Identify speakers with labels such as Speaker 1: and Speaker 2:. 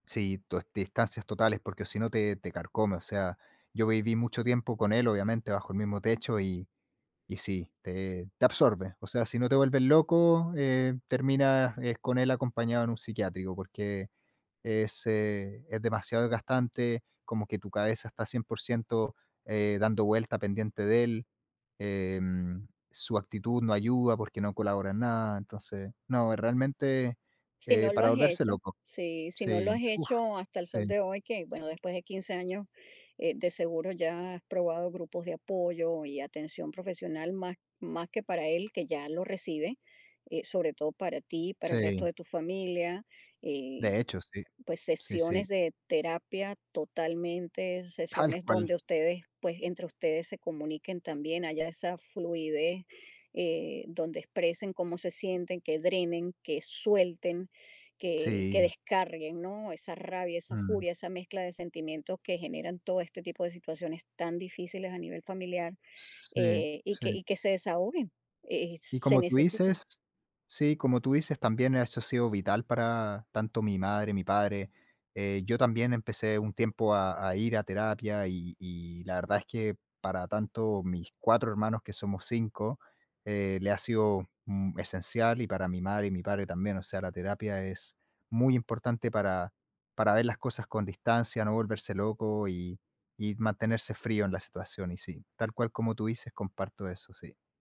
Speaker 1: Sí, tu es distancias totales, porque o si no te te carcome, o sea, yo viví mucho tiempo con él, obviamente, bajo el mismo techo, y y sí, te te absorbe, o sea, si no te vuelves loco, eh, terminas es con él acompañado en un psiquiátrico, porque ese, es demasiado desgastante, como que tu cabeza está 100 % eh, dando vuelta, pendiente de él, em, su actitud no ayuda porque no colabora en nada, entonces no, realmente,
Speaker 2: Si
Speaker 1: eh,
Speaker 2: no lo
Speaker 1: para
Speaker 2: has
Speaker 1: volverse
Speaker 2: hecho,
Speaker 1: loco.
Speaker 2: si, si no lo
Speaker 1: Sí,
Speaker 2: has
Speaker 1: uf,
Speaker 2: hecho hasta el sol
Speaker 1: sí.
Speaker 2: de hoy, que, bueno, después de 15 años, eh, de seguro ya has probado grupos de apoyo y atención profesional más más que para él, que ya lo recibe, eh, sobre todo para ti y para el
Speaker 1: Sí.
Speaker 2: resto de tu familia, eh,
Speaker 1: De hecho, sí.
Speaker 2: pues
Speaker 1: Sí, sí.
Speaker 2: sesiones de terapia totalmente,
Speaker 1: Tal
Speaker 2: sesiones
Speaker 1: cual.
Speaker 2: donde ustedes, pues entre ustedes se comuniquen también, haya esa fluidez, eh, donde expresen cómo se sienten, que drenen, que suelten, que que
Speaker 1: Sí.
Speaker 2: descarguen, ¿no? Esa rabia, esa
Speaker 1: Mm.
Speaker 2: furia, esa mezcla de sentimientos que generan todo este tipo de situaciones tan difíciles a nivel familiar,
Speaker 1: Sí,
Speaker 2: eh, y que
Speaker 1: sí.
Speaker 2: y que se desahoguen, eh,
Speaker 1: Y
Speaker 2: se
Speaker 1: como tú
Speaker 2: necesita.
Speaker 1: dices, sí, como tú dices, también eso ha sido vital para tanto mi madre, mi padre, eh, yo también empecé un tiempo a a ir a terapia, y y la verdad es que para tanto mis 4 hermanos, que somos 5, eh, le ha sido mm, esencial y para mi madre y mi padre también, o sea, la terapia es muy importante para para ver las cosas con distancia, no volverse loco y y mantenerse frío en la situación, y sí, tal cual como tú dices, comparto eso, sí.